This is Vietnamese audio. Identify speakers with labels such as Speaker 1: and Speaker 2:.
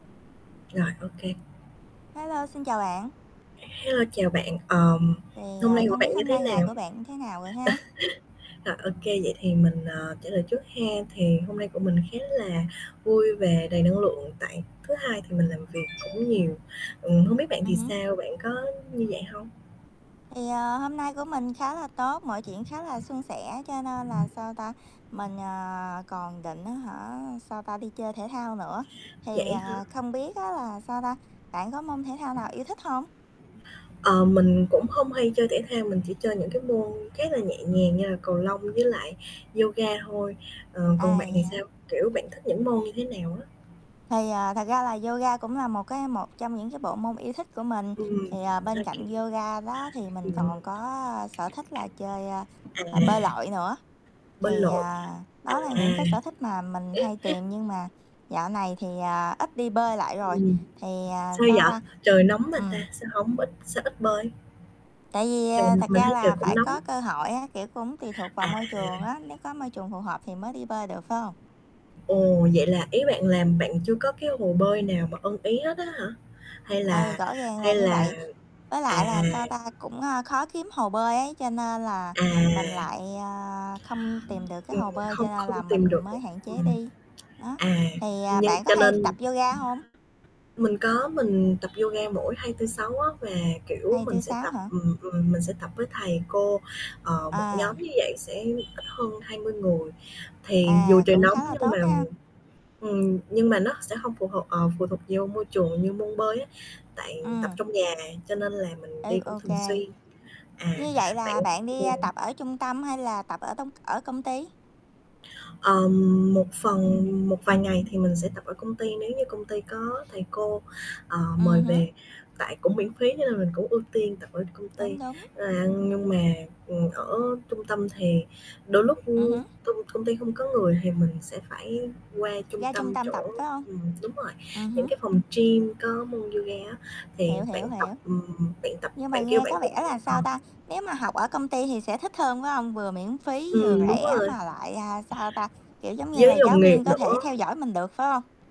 Speaker 1: Rồi, ô kê.
Speaker 2: Hello, xin chào bạn.
Speaker 1: Hello, chào bạn, ờm,
Speaker 2: Thì,
Speaker 1: hôm
Speaker 2: à,
Speaker 1: nay của
Speaker 2: không biết
Speaker 1: bạn như
Speaker 2: hôm
Speaker 1: thế
Speaker 2: nay ngày
Speaker 1: nào?
Speaker 2: của bạn như thế nào rồi ha?
Speaker 1: Rồi, ô kê, vậy thì mình, à, trả lời trước hen, thì hôm nay của mình khá là vui về, đầy năng lượng tại thứ Hai thì mình làm việc cũng nhiều. Ừm, hông biết bạn thì
Speaker 2: Ừm hứm.
Speaker 1: sao, bạn có như vậy hông?
Speaker 2: Thì, ờ, hôm nay của mình khá là tốt, mọi chuyện khá là suôn sẻ, cho nên là, sao ta, mình, ờ, còn định á hả, sao ta, đi chơi thể thao nữa, thì,
Speaker 1: Vậy á hả?
Speaker 2: à, không biết á là, sao ta, bạn có môn thể thao nào yêu thích hông?
Speaker 1: Ờ, mình cũng hông hay chơi thể thao, mình chỉ chơi những cái môn khá là nhẹ nhàng như là cầu lông với lại yoga thôi. Ờ,
Speaker 2: À,
Speaker 1: còn bạn
Speaker 2: vậy
Speaker 1: thì
Speaker 2: hả?
Speaker 1: sao, kiểu, bạn thích những môn như thế nào á?
Speaker 2: Thì, à, thật ra là yoga cũng là một cái một trong những cái bộ môn yêu thích của mình,
Speaker 1: Ừm.
Speaker 2: thì, à, bên
Speaker 1: ô kê.
Speaker 2: cạnh yoga đó thì mình
Speaker 1: Ừm.
Speaker 2: còn có sở thích là chơi, ơ, h bơi
Speaker 1: À.
Speaker 2: lội nữa,
Speaker 1: Bơi
Speaker 2: thì,
Speaker 1: lội.
Speaker 2: à, đó là những
Speaker 1: À.
Speaker 2: cái sở thích mà mình hay tìm, nhưng mà dạo này thì, à, ít đi bơi lại rồi,
Speaker 1: Ừm,
Speaker 2: thì, à,
Speaker 1: sao
Speaker 2: sao
Speaker 1: vậy?
Speaker 2: ta,
Speaker 1: Trời nóng mà ta,
Speaker 2: ừm.
Speaker 1: sao hổng ít sao ít bơi?
Speaker 2: Tại vì,
Speaker 1: Trời
Speaker 2: à, thật
Speaker 1: mình
Speaker 2: ra
Speaker 1: thấy
Speaker 2: là
Speaker 1: trời cũng
Speaker 2: phải
Speaker 1: nóng.
Speaker 2: có cơ hội á, kiểu, cũng tùy thuộc vào môi
Speaker 1: À.
Speaker 2: trường á, nếu có môi trường phù hợp thì mới đi bơi được, phải hông?
Speaker 1: Ồ, vậy là ý bạn làm bạn chưa có cái hồ bơi nào mà ưng ý hết á hả? Hay
Speaker 2: Ừ,
Speaker 1: là
Speaker 2: rõ ràng là
Speaker 1: hay
Speaker 2: như
Speaker 1: là
Speaker 2: vậy. Với lại
Speaker 1: à.
Speaker 2: là, sao ta, cũng, a, khó kiếm hồ bơi ấy, cho nên là
Speaker 1: À.
Speaker 2: mình lại, ơ, không tìm được cái
Speaker 1: Ừm,
Speaker 2: hồ bơi
Speaker 1: không
Speaker 2: cho nên
Speaker 1: không
Speaker 2: là
Speaker 1: tìm
Speaker 2: mình
Speaker 1: được
Speaker 2: mới
Speaker 1: một
Speaker 2: hạn chế
Speaker 1: ừm.
Speaker 2: đi. Đó,
Speaker 1: À,
Speaker 2: thì, à,
Speaker 1: nhưng
Speaker 2: bạn có
Speaker 1: cho
Speaker 2: hay
Speaker 1: nên
Speaker 2: tập yoga hông?
Speaker 1: mình có, mình tập yoga mỗi 2, 4, 6 á, và, kiểu,
Speaker 2: hai
Speaker 1: mình
Speaker 2: tư
Speaker 1: sẽ
Speaker 2: sáu
Speaker 1: tập,
Speaker 2: hả?
Speaker 1: ừm, ừm, mình sẽ tập với thầy cô. Ờ, một nhóm
Speaker 2: À.
Speaker 1: như vậy sẽ ít hơn 20 người, thì dù
Speaker 2: À,
Speaker 1: trời
Speaker 2: cũng
Speaker 1: nóng
Speaker 2: khá là
Speaker 1: nhưng mà
Speaker 2: tốt ha.
Speaker 1: ừm, nhưng mà nó sẽ hông phụ thuộc ờ, phụ thuộc vô môi trường như môn bơi á, tại tập
Speaker 2: Ừm.
Speaker 1: trong nhà cho nên là mình đi
Speaker 2: Ư,
Speaker 1: cũng
Speaker 2: OK.
Speaker 1: thường xuyên. À,
Speaker 2: Như vậy
Speaker 1: bạn
Speaker 2: là bạn đi,
Speaker 1: ừm.
Speaker 2: a, tập ở trung tâm hay là tập ở tong ở công ty?
Speaker 1: Ờm, một phần một vài ngày thì mình sẽ tập ở công ty nếu như công ty có thầy cô, ờ, mời
Speaker 2: Ừm hứm.
Speaker 1: về, tại cũng miễn phí cho nên là mình cũng ưu tiên tập ở công ty.
Speaker 2: Đúng, đúng.
Speaker 1: À, nhưng mà, ừm, ở trung tâm thì đôi lúc
Speaker 2: Ừm hứm.
Speaker 1: công công ty hông có người thì mình sẽ phải qua trung
Speaker 2: Ra trung
Speaker 1: tâm
Speaker 2: tâm tập,
Speaker 1: chỗ
Speaker 2: phải hông?
Speaker 1: ừm, đúng rồi,
Speaker 2: Ừm
Speaker 1: những
Speaker 2: hứm.
Speaker 1: cái phòng gym có môn yoga á, thì
Speaker 2: Hiểu,
Speaker 1: bạn
Speaker 2: hiểu,
Speaker 1: tập,
Speaker 2: hiểu.
Speaker 1: ừm, bạn tập
Speaker 2: Nhưng mà
Speaker 1: bạn kêu
Speaker 2: nghe
Speaker 1: bạn
Speaker 2: có
Speaker 1: cũng
Speaker 2: vẻ là,
Speaker 1: ờ.
Speaker 2: sao ta, nếu mà học ở công ty thì sẽ thích hơn, phải hông? Vừa miễn phí vừa
Speaker 1: Ừm, đúng
Speaker 2: rẻ
Speaker 1: rồi.
Speaker 2: mà lại, a, sao ta, kiểu giống như là,
Speaker 1: Với
Speaker 2: giáo
Speaker 1: đồng nghiệp
Speaker 2: viên có thể
Speaker 1: nữa.
Speaker 2: theo dõi mình được, phải hông?